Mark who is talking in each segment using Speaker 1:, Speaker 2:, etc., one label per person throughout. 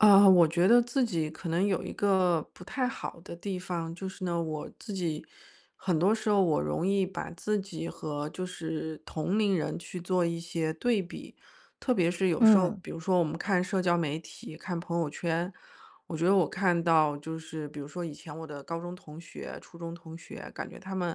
Speaker 1: 啊，我觉得自己可能有一个不太好的地方，就是呢，我自己很多时候我容易把自己和就是同龄人去做一些对比。特别是有时候
Speaker 2: 嗯。
Speaker 1: 比如说我们看社交媒体、看朋友圈，我觉得我看到就是比如说，以前我的高中同学、初中同学，感觉他们，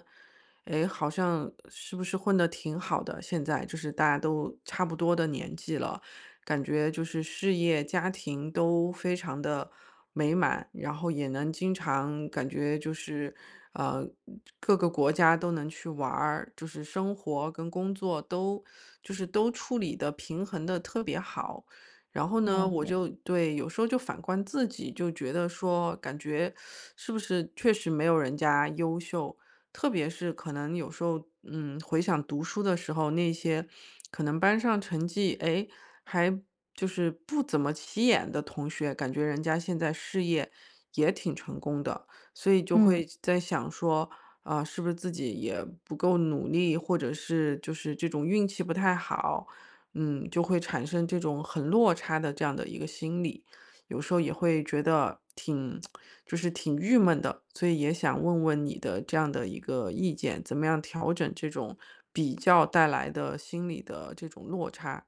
Speaker 1: 哎，好像是不是混得挺好的，现在就是大家都差不多的年纪了。感觉就是事业、家庭都非常地美满。然后也能经常感觉就是，呃，嗯，各个国家都能去玩儿，就是生活跟工作都就是都处理得、平衡得特别好。然后呢，
Speaker 2: 了
Speaker 1: 我
Speaker 2: 解。
Speaker 1: 就对，有时候就反观自己，就觉得说感觉 是不是确实没有人家优秀。特别是可能有时候嗯，回想读书的时候，那些可能班上成绩，哎，还就是不怎么起眼的同学，感觉人家现在事业，也挺成功的。所以就
Speaker 2: 嗯。
Speaker 1: 会在想说，呃，是不是自己也不够努力，或者是，就是这种运气不太好。嗯，就会产生这种很落差的，这样的一个心理。有时候也会觉得挺 就是挺郁闷的。所以也想问问你的这样的一个意见，怎么样调整这种“比较”带来的，心理的这种落差？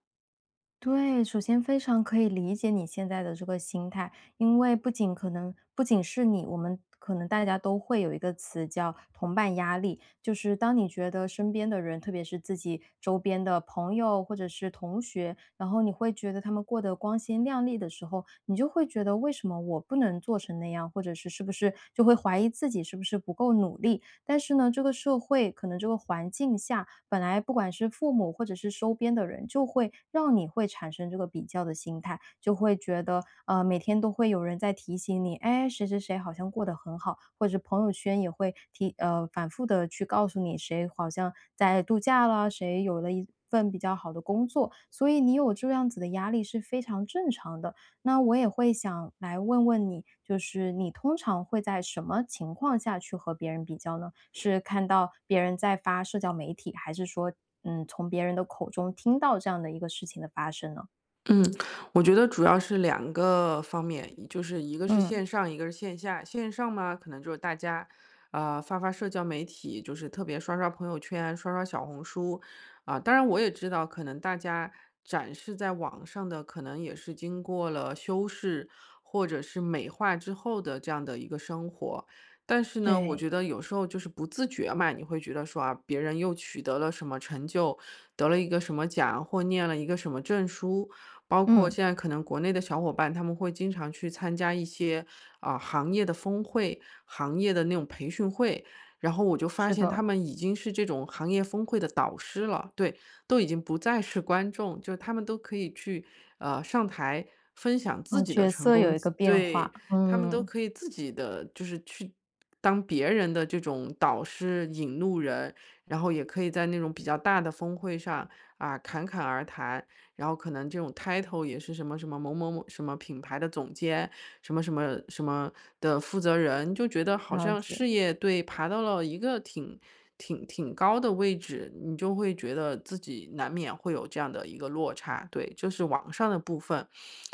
Speaker 2: 对，首先非常可以理解你现在的这个心态，因为不仅可能不仅是你，我们可能大家都会有一个词叫“同伴压力”。就是当你觉得身边的人，特别是自己周边的朋友或者是同学，然后你会觉得他们过得光鲜亮丽的时候，你就会觉得为什么我不能做成那样？或者是，是不是就会怀疑自己是不是不够努力。但是呢，这个社会，可能这个环境下，本来不管是父母或者是周边的人，就会让你会产生这个比较的心态。就会觉得，呃，每天都会有人在提醒你：“哎，谁谁谁好像过得很好。”或者朋友圈也会提呃，反复地去告诉你谁好像在度假啦，谁有了一份比较好的工作，所以你有这样子的压力是非常正常的。那我也会想来问问你，就是你通常会在什么情况下，去和别人比较呢？是看到别人在发社交媒体？还是说，嗯，从别人的口中听到这样的一个事情的发生呢？
Speaker 1: 嗯，我觉得主要是两个方面，就是一个是
Speaker 2: 嗯。
Speaker 1: 线上，一个是线下。线上嘛，可能就是大家，呃，发发社交媒体，就是特别刷刷朋友圈、刷刷小红书。啊，当然我也知道，可能大家展示在网上的可能也是经过了修饰，或者是美化之后的这样的一个生活。但是呢，我
Speaker 2: 对。
Speaker 1: 觉得有时候就是不自觉嘛，你会觉得说，啊，别人又取得了什么成就，得了一个什么奖或念了一个什么证书，包括
Speaker 2: 嗯。
Speaker 1: 现在可能国内的小伙伴，他们会经常去参加一些，啊，行业的峰会，行业的那种培训会。然后我就发
Speaker 2: 是
Speaker 1: 现他
Speaker 2: 的。
Speaker 1: 们已经是这种行业峰会的导师了。对，都已经不再是观众，就他们都可以去，呃，上台分享
Speaker 2: 啊，
Speaker 1: 自己的
Speaker 2: 角
Speaker 1: 成
Speaker 2: 色有
Speaker 1: 功，
Speaker 2: 一
Speaker 1: 自
Speaker 2: 个变化，
Speaker 1: 对，他们都
Speaker 2: 嗯。
Speaker 1: 可以自己的就是去当别人的这种导师、引路人，然后也可以在那种比较大的峰会上，啊，侃侃而谈。然后可能这种 title 也是什么什么，某某某什么品牌的总监，什么什么什么的负责人，就觉得好
Speaker 2: 了
Speaker 1: 像
Speaker 2: 解。
Speaker 1: 事业对，爬到了一个挺挺挺高的位置，你就会觉得自己难免会有这样的一个落差。对，就是网上的部分。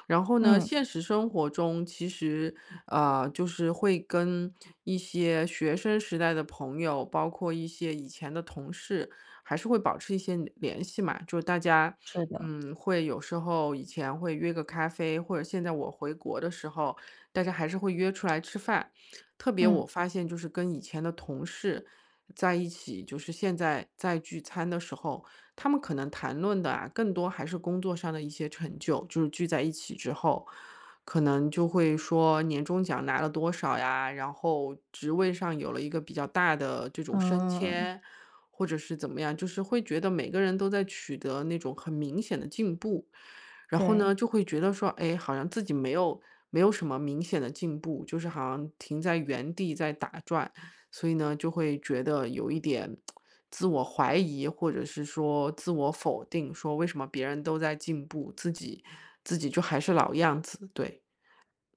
Speaker 1: 然后呢，
Speaker 2: 嗯。
Speaker 1: 现实生活中其实，呃，就是会跟一些学生时代的朋友，包括一些以前的同事，还是会保持一些联系嘛。就是大家，
Speaker 2: 是的。
Speaker 1: 嗯，会有时候以前会约个咖啡或者现在我回国的时候，大家还是会约出来吃饭。特别
Speaker 2: 嗯。
Speaker 1: 我发现就是跟以前的同事在一起，就是现在在聚餐的时候，他们可能谈论的啊，更多还是工作上的一些成就，就是聚在一起之后。可能就会说年终奖拿了多少呀，然后职位上有了一个比较大的这种升
Speaker 2: 嗯。
Speaker 1: 迁，或者是怎么样。就是会觉得每个人都在取得那种很明显的进步。然后呢，
Speaker 2: 对。
Speaker 1: 就会觉得说，诶，好像自己没有没有什么明显的进步，就是好像停在原地在打转，所以呢，就会觉得有一点 自我怀疑，或者是说自我否定，说为什么别人都在进步？自己自己就还是老样子？对。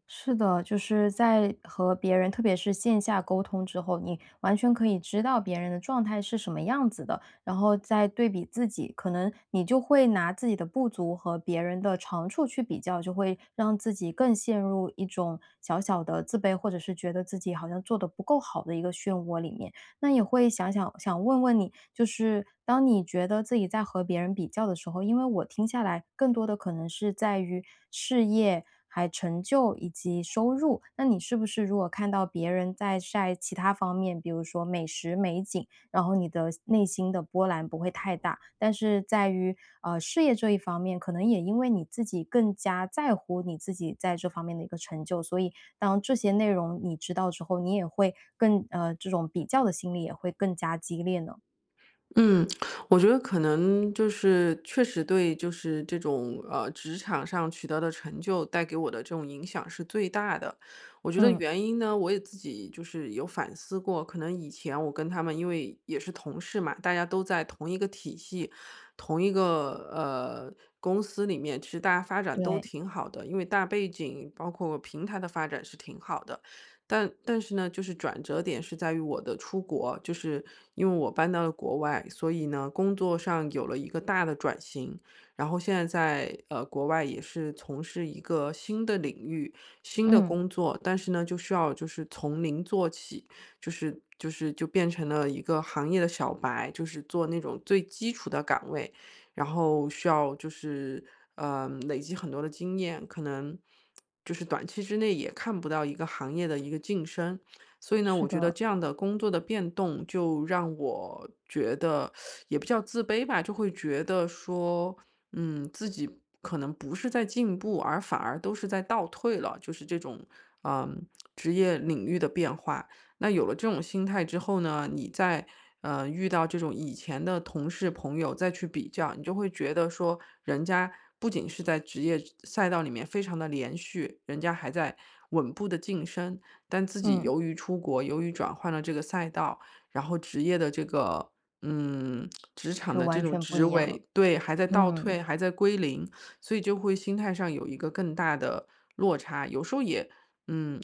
Speaker 2: 是的，就是在和别人特别是线下沟通之后，你完全可以知道别人的状态是什么样子的，然后再对比自己，可能你就会拿自己的不足和别人的长处去比较，就会让自己更陷入一种小小的自卑，或者是觉得自己好像做得不够好的一个漩涡里面。那你会想想想问问你，就是当你觉得自己在和别人比较的时候因为我听下来更多的可能是在于事业，还成就以及收入。那你是不是如果看到别人在晒其它方面，比如说美食、美景，然后你的内心的波澜不会太大？但是在于，呃，事业这一方面，可能也因为你自己更加在乎你自己在这方面的一个成就，所以当这些内容你知道之后你也会更呃，这种比较的心理也会更加激烈呢？
Speaker 1: 嗯，我觉得可能就是确实对就是这种呃，职场上取得的成就，带给我的这种影响是最大的。我觉得
Speaker 2: 嗯。
Speaker 1: 原因呢，我也自己就是有反思过，可能以前我跟他们因为也是同事嘛，大家都在同一个体系，同一个，呃，公司里面，其实大家发展都
Speaker 2: 对。
Speaker 1: 挺好的。因为大背景包括平台的发展是挺好的。但但是呢，就是转折点是在于我的出国，就是因为我搬到了国外，所以呢，工作上有了一个大的转型。然后现在在，呃，国外也是从事一个新的领域、新的
Speaker 2: 嗯。
Speaker 1: 工作。但是呢，就是要就是从0做起，就是就是就变成了一个行业的小白，就是做那种最基础的岗位。然后需要就是，呃，累积很多的经验。可能就是短期之内，也看不到一个行业的一个晋升。所以呢，
Speaker 2: 是
Speaker 1: 我觉得
Speaker 2: 的。
Speaker 1: 这样的工作的变动，就让我觉得 也不叫自卑吧，就会觉得说：“嗯，自己可能不是在进步，而反而都是在倒退了。”就是这种，呃，职业领域的变化。那有了这种心态之后呢，你再，呃，遇到这种以前的同事、朋友，再去比较，你就会觉得说，人家不仅是在职业赛道里面非常地连续，人家还在稳步地晋升。但自己
Speaker 2: 嗯。
Speaker 1: 由于出国，由于转换了这个赛道，然后职业的这个嗯，职场
Speaker 2: 就
Speaker 1: 的这
Speaker 2: 完
Speaker 1: 种
Speaker 2: 全不
Speaker 1: 职
Speaker 2: 一样了，
Speaker 1: 位对，还在倒
Speaker 2: 嗯。
Speaker 1: 退，还在归零，所以就会心态上有一个更大的落差。有时候也嗯，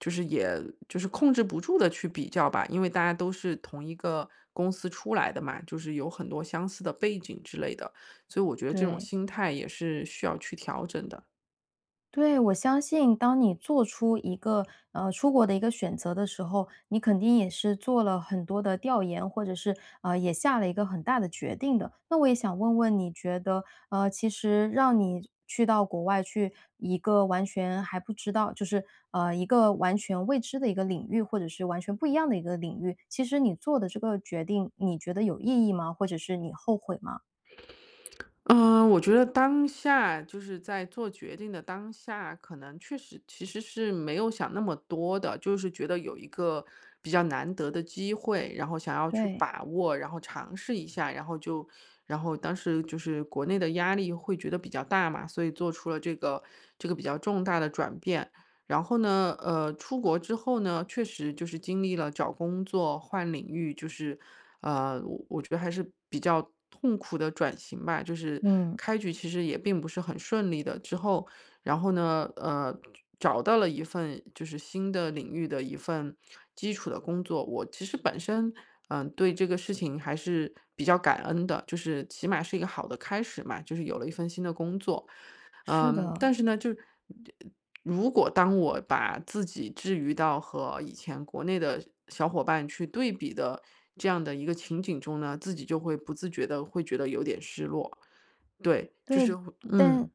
Speaker 1: 就是也就是控制不住地去比较吧，因为大家都是同一个公司出来的嘛，就是有很多相似的背景之类的。所以我觉得这种
Speaker 2: 对。
Speaker 1: 心态也是需要去调整的。
Speaker 2: 对，我相信当你做出一个呃，出国的一个选择的时候，你肯定也是做了很多的调研，或者是，呃，也下了一个很大的决定的。那我也想问问，你觉得，呃，其实让你去到国外，去一个完全还不知道就是，呃，一个完全未知的一个领域，或者是完全不一样的一个领域，其实你做的这个决定，你觉得有意义吗？或者是你后悔吗？
Speaker 1: 嗯，我觉得当下就是在做决定的当下，可能确实其实是没有想那么多的，就是觉得有一个比较难得的机会，然后想要去
Speaker 2: 对。
Speaker 1: 把握，然后尝试一下。然后就然后当时就是国内的压力会觉得比较大嘛，所以做出了这个这个比较重大的转变。然后呢，呃，出国之后呢，确实就是经历了找工作、换领域，就是，呃，我我觉得还是比较痛苦的转型吧，就是
Speaker 2: 嗯。
Speaker 1: 开局其实也并不是很顺利的。之后然后呢，呃，找到了一份就是新的领域的一份基础的工作。我其实本身，嗯，对这个事情还是比较感恩的，就是起码是一个好的开始嘛，就是有了一份新的工作。
Speaker 2: 是
Speaker 1: 嗯，
Speaker 2: 的。
Speaker 1: 但是呢，就如果当我把自己，置于到和以前国内的小伙伴去对比的这样的一个情景中呢，自己就会不自觉地会觉得有点失落，对，就是
Speaker 2: 对，
Speaker 1: 会
Speaker 2: 但
Speaker 1: 嗯。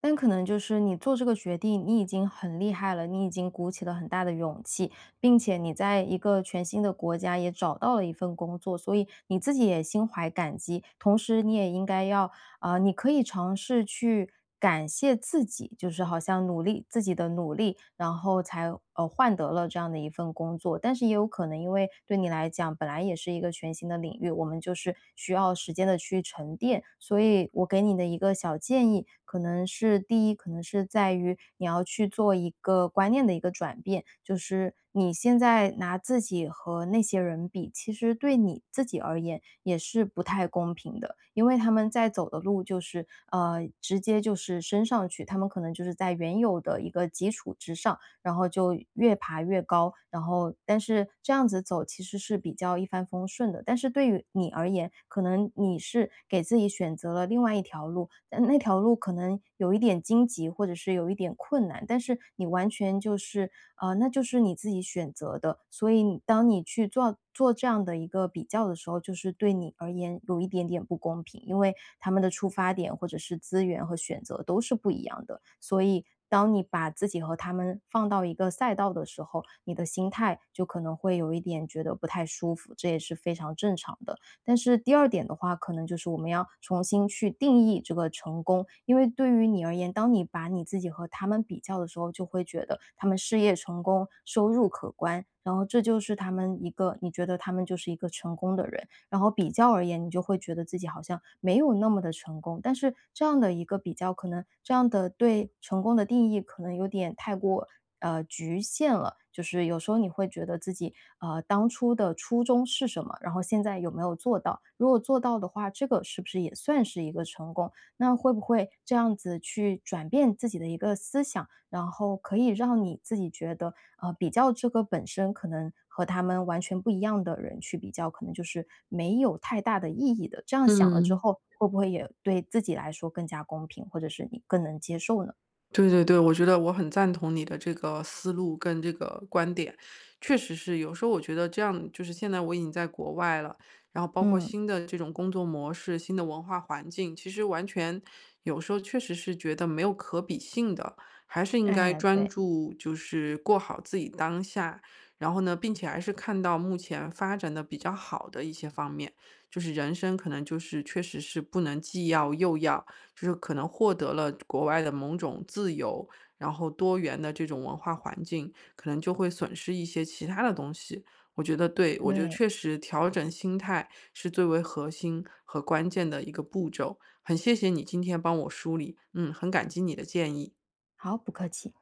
Speaker 2: 但可能就是你做这个决定，你已经很厉害了，你已经鼓起了很大的勇气。并且你在一个全新的国家也找到了一份工作，所以你自己也心怀感激，同时你也应该要呃，你可以尝试去感谢自己，就是好像努力自己的努力，然后才，呃，换得了这样的一份工作。但是也有可能，因为对你来讲，本来也是一个全新的领域，我们就是需要时间地去沉淀。所以我给你的一个小建议，可能是第一，可能是在于你要去做一个观念的一个转变，就是你现在拿自己和那些人比，其实对你自己而言，也是不太公平的。因为他们在走的路就是呃，直接就是升上去，他们可能就是在原有的一个基础之上，然后就越爬越高。然后但是这样子走，其实是比较一帆风顺的，但是对于你而言，可能你是给自己选择了另外一条路，但那条路可能有一点荆棘或者是有一点困难。但是你完全就是啊，那就是你自己选择的，所以你当你去做做这样的一个比较的时候，就是对你而言有一点点不公平。因为他们的出发点，或者是资源和选择都是不一样的，所以当你把自己和他们放到一个赛道的时候，你的心态就可能会有一点觉得不太舒服，这也是非常正常的。但是第二点的话，可能就是我们要重新去定义这个成功，因为对你而言，当你把你自己和他们比较的时候，就会觉得他们事业成功、收入可观，然后这就是他们一个你觉得他们就是一个成功的人，然后比较而言，你就会觉得自己好像没有那么地成功。但是这样的一个比较，可能这样的对成功的定义，可能有点太过，呃，局限了，就是有时候你会觉得自己，呃，当初的初衷是什么，然后现在有没有做到，如果做到的话，这个是不是也算是一个成功？那会不会这样子去转变自己的一个思想，然后可以让你自己觉得，呃，比较这个本身可能和他们完全不一样的人去比较，可能就是没有太大的意义的，这样想了之
Speaker 1: 嗯。
Speaker 2: 后，会不会也对自己来说更加公平，或者是你更能接受呢？
Speaker 1: 对对对，我觉得我很赞同你的这个思路，跟这个观点。确实是，有时候我觉得这样就是现在我已经在国外了，然后包括
Speaker 2: 嗯。
Speaker 1: 新的这种工作模式、新的文化环境，其实完全有时候确实是觉得没有可比性的，还是应该
Speaker 2: 哎，
Speaker 1: 专
Speaker 2: 对。
Speaker 1: 注就是过好自己当下。然后呢，并且还是看到目前发展得比较好的一些方面，就是人生可能就是确实是不能既要又要，就是可能获得了国外的某种自由，然后多元的这种文化环境，可能就会损失一些其它的东西。我觉得对，我觉得
Speaker 2: 对。
Speaker 1: 确实调整心态，是最为核心和关键的一个步骤。很谢谢你今天帮我梳理，嗯，很感激你的建议。
Speaker 2: 好，不客气。